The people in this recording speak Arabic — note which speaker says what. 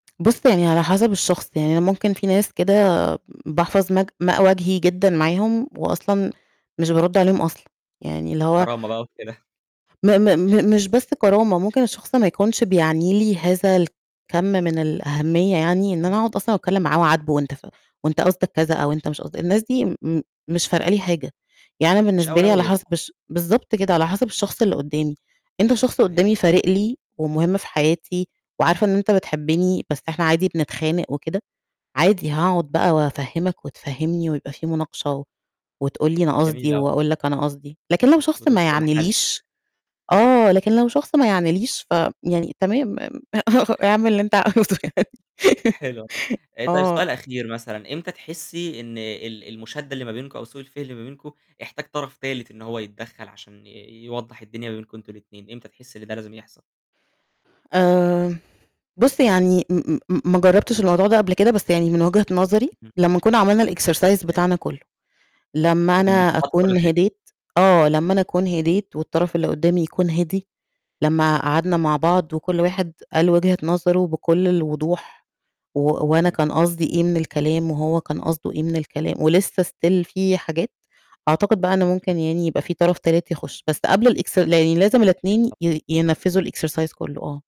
Speaker 1: بُص يعني على حسب الشخص، يعني أنا ممكن في ناس كده باحفظ ماء- ماء وجهي جدًا معاهم وأصلا مش بارد عليهم أصلًا يعني اللي هو
Speaker 2: الكرامة بقى وكده.
Speaker 1: م م م مش بس كرامة، ممكن الشخص ما يكونش بيعني لي هذا الكم من الأهمية يعني، إن أنا أقعد
Speaker 2: [unintelligible]
Speaker 1: أصلًا أتكلم معاه، أعاتبه وأنت ف وأنت قصدك كذا أو أنت مش قصدك، الناس دي م مش فارقة لي حاجة، يعني أنا
Speaker 2: مش
Speaker 1: بالنسبة لي على
Speaker 2: أولوية.
Speaker 1: حسب الش بالضبط كده على حسب الشخص اللي قدّامي، أنت شخص
Speaker 2: صحيح.
Speaker 1: قدّامي فارق لي ومهم في حياتي وعارفة إن أنت بتحبني، بس
Speaker 2: امم.
Speaker 1: إحنا عادي بنتخانق وكده، عادي هاقعد بقى وأفَهِّمَك وَتفَهِّمْنِي ويبقى في مناقشة وتقول لي أنا
Speaker 2: جميل
Speaker 1: قصدي
Speaker 2: أوي.
Speaker 1: وأقول لك أنا قصدي، لكن لو شخص ما
Speaker 2: وتوصلوا لحل.
Speaker 1: يعنيليش آه لكن لو شخص ما يعنيليش ف يعني تمام، اعمل اللي أنت عاوزه يعني
Speaker 2: حلو [unintelligible] طيب
Speaker 1: آه.
Speaker 2: سؤال أخير مثلًا إمتى تحسي إن ال المشادة اللي ما بينكم أو سوء الفهم اللي ما بينكم احتاج طرف تالت إن هو يتدخل، عشان آآ يوضح الدنيا ما بينكم أنتم الاتنين، إمتى تحسي إن ده لازم يحصل؟
Speaker 1: آآ، بُص يعني م م ما جربتش الموضوع ده قبل كده، بس يعني من وجهة نظري،
Speaker 2: اهم.
Speaker 1: لمّا كنا عملنا الExercise
Speaker 2: حلو.
Speaker 1: بتاعنا كله، لمّا أنا
Speaker 2: [unintelligible] كل
Speaker 1: أكون
Speaker 2: حاجة.
Speaker 1: هديت آه لمّا أنا أكون هديت والطرف اللي قدامي يكون هدي، لمّا قعدنا مع بعض وكل واحد قال وجهة نظره بكل الوضوح، و وأنا كان
Speaker 2: جميل.
Speaker 1: قصدي إيه من الكلام وهو كان قصده إيه من الكلام، ولسه Still في حاجات، أعتقد بقى ممكن
Speaker 2: امم.
Speaker 1: يعني يبقى في طرف تالت يخش، بس قبل الإكس لازم الاتنين
Speaker 2: [unintelligible]
Speaker 1: ي ينفذوا الExercise كله آه.